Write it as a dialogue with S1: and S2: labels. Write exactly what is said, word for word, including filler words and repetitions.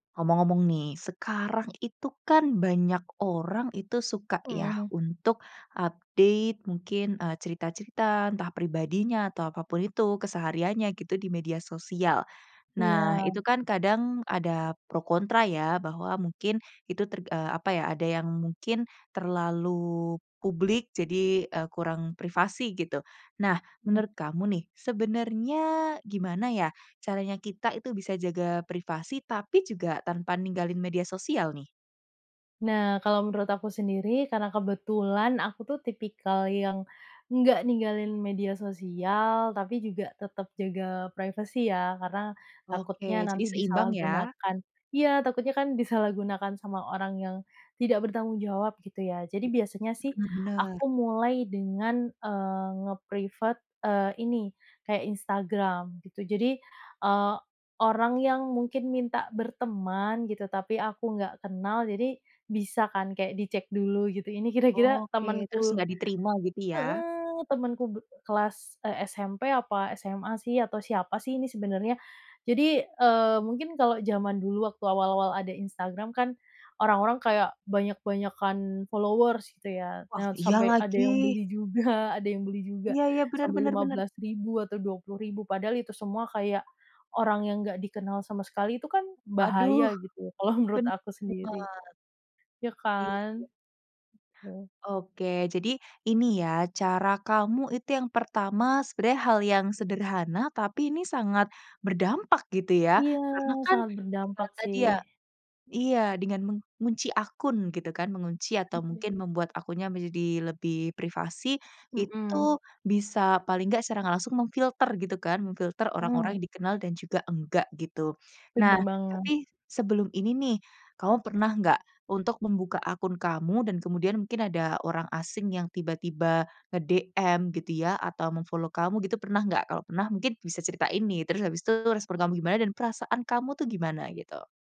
S1: Ngomong-ngomong nih, sekarang itu kan, banyak orang itu suka yah,
S2: Mhm.
S1: untuk update mungkin, eee, cerita-cerita, entah pribadinya, atau apa pun itu kesehariannya, gitu, di media sosial. Nah,
S2: Iya.
S1: itu kan kadang ada pro kontra ya, bahwa mungkin itu terg eee, apa ya, ada yang mungkin terlalu publik, jadi, eee, kurang privasi, gitu. Nah,
S2: Mhm.
S1: menurut kamu nih, sebenarnya gimana ya, caranya kita itu bisa jaga privasi, tapi juga tanpa ninggalin media sosial, nih?
S2: Nah, kalau menurut aku sendiri, karena kebetulan aku tuh, tipikal yang nggak ninggalin media sosial, tapi juga tetep jaga privasi ya, karena, takutnya
S1: Oke. Jadi
S2: nanti
S1: seimbang, ya?
S2: disalahgunakan iya, takutnya kan disalahgunakan sama orang yang tidak bertanggung jawab, gitu ya. Jadi biasanya sih,
S1: Benar benar.
S2: aku mulai dengan, eee, nge-privat, eee, ini, kayak Instagram, gitu. Jadi, eee, orang yang mungkin minta berteman, gitu, tapi aku nggak kenal, jadi bisa kan, kayak dicek dulu, gitu. Ini kira-kira,
S1: Oke. Terus
S2: temenku
S1: nggak diterima, gitu ya?
S2: heeh, temenku be kelas, eee, SMP, apa SMA sih, atau siapa sih ini sebenarnya. Jadi, eee, mungkin kalau zaman dulu, waktu awal-awal ada Instagram kan, orang-orang kayak banyak-banyakan followers, gitu ya.
S1: Wah,
S2: Nah,
S1: iya
S2: sampai ada yang
S1: lagi.
S2: beli juga ada yang beli juga.
S1: Iya iya, benar
S2: Sampai
S1: benar
S2: lima
S1: benar.
S2: belas ribu atau dua puluh ribu. Padahal itu semua kayak, orang yang enggak dikenal sama sekali. Itu kan
S1: Waduh!
S2: bahaya, gitu. Kalau menurut
S1: Ben
S2: aku sendiri.
S1: bener.
S2: Ya,
S1: Iya iya.
S2: kan? Heeh.
S1: Oke. Jadi, ini ya, cara kamu itu yang pertama sebenarnya hal yang sederhana, tapi ini sangat berdampak, gitu ya.
S2: Iya.
S1: Karena kan,
S2: Sangat
S1: privat
S2: berdampak,
S1: tadi
S2: sih.
S1: ya iya. Dengan mengunci akun, gitu kan? Mengunci atau
S2: Betul, sih.
S1: mungkin membuat akunnya menjadi lebih privasi.
S2: Mhm.
S1: Itu, bisa paling enggak secara nggak langsung memfilter, gitu kan. Memfilter
S2: Mmm.
S1: orang-orang yang dikenal dan juga enggak, gitu. Nah,
S2: Bener banget.
S1: tapi sebelum ini nih, kamu pernah nggak, untuk membuka akun kamu, dan kemudian mungkin ada orang asing yang tiba-tiba nge-DM gitu, ya, atau mem-follow kamu, gitu pernah nggak? Kalau pernah, mungkin bisa ceritain nih. Terus habis itu respon kamu gimana, dan perasaan kamu tuh gimana? Gitu.